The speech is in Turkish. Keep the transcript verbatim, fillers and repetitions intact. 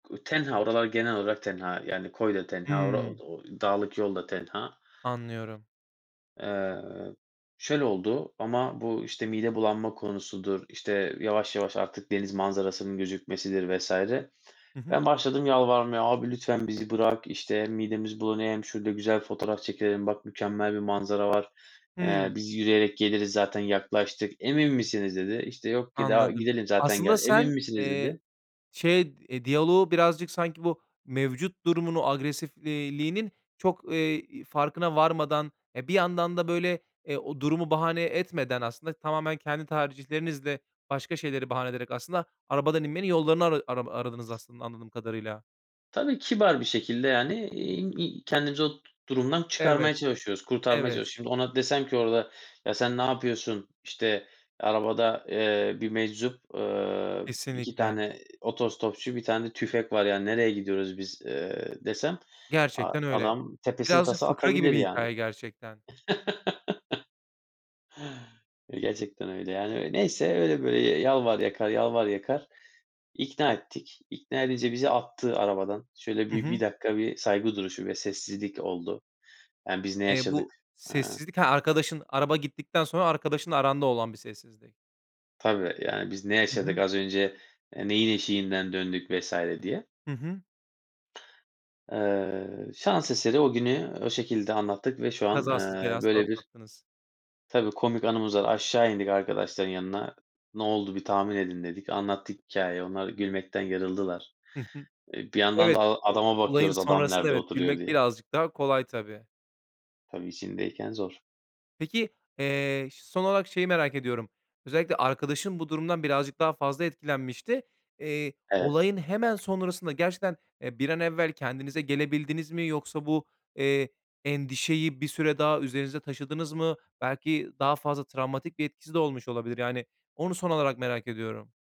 U tenha, oralar genel olarak tenha, yani, koy da tenha, ora o Hımm. d o dağlık yolda tenha. Anlıyorum. Eee, şöyle oldu, ama bu işte mide bulanma konusudur, işte, yavaş yavaş, artık deniz manzarasının gözükmesidir vs. Hı hı. ben başladım yalvarmaya "Abi lütfen bizi bırak." işte, "Midemiz bulanıyor, hem şurada güzel fotoğraf çekilelim, bak mükemmel bir manzara var. Eee, Hımm. biz yürüyerek geliriz zaten yaklaştık." "Emin misiniz?" dedi. İşte, yok ki daha Anladım, gidelim zaten aslında gel "Emin sen, misiniz?" eee, dedi. şey, e, diyaloğu birazcık, sanki bu mevcut durumunu agresifliğinin çok, eee, farkına varmadan, e, bir yandan da böyle, e, o durumu bahane etmeden aslında tamamen kendi tercihlerinizle başka şeyleri bahane ederek aslında arabadan inmenin yollarını ara arama aradınız aslında anladığım kadarıyla. Tabii, kibar bir şekilde, yani, eee, ııı, kendimizi o durumdan Evet, çıkarmaya çalışıyoruz, kurtarmaya evet. çalışıyoruz. Şimdi ona desem ki "Orada, ya, sen ne yapıyorsun, işte, arabada, eee, bir meczup, eee, iki Kesinlikle. tane otostopçu, bir tane tüfek var. Ya, nereye gidiyoruz biz, eee?" desem a Gerçekten öyle, adam tepesinin birazcık tası fıkra gibi atabilir, bir yani. hikâye gerçekten. Ya gerçekten öyle, yani, neyse öyle böyle, yalvar yakar, yalvar yakar, ikna ettik. İkna edince bizi attı arabadan. Şöyle Hı bir bir hı. dakika, bir saygı duruşu ve sessizlik oldu ya, biz ne Eee, yaşadık, bu eee? sessizlik He, arkadaşın araba gittikten sonra arkadaşınla aranda olan bir sessizlik. Tabii, yani, biz ne Hı yaşadık hı. az önce, e, neyin eşiğinden döndük vs. diye. Hı hı. Eee, şans eseri o günü o şekilde anlattık ve şu an, Kazasız, eee, belasız böyle bir atlattınız. Tabii, komik anımız da var, aşağı indik arkadaşların yanına, "Ne oldu bir tahmin edin." dedik, anlattık hikâyeyi, onlar gülmekten yarıldılar. Hı hı, E, bir yandan da evet, a o adama olayın bakıyoruz adam sonrasında nerede evet, oturuyor gülmek diye. birazcık daha kolay tabii. Tabii, içindeyken zor. Peki, eee, ş son olarak şeyi merak ediyorum. Özellikle arkadaşın bu durumdan birazcık daha fazla etkilenmişti, eee, Evet. olayın hemen sonrasında gerçekten, e, bir an evvel kendinize gelebildiniz mi yoksa bu, eee, endişeyi bir süre daha üzerinizde taşıdınız mı? Belki daha fazla travmatik bir etkisi de olmuş olabilir, yani, onu son olarak merak ediyorum.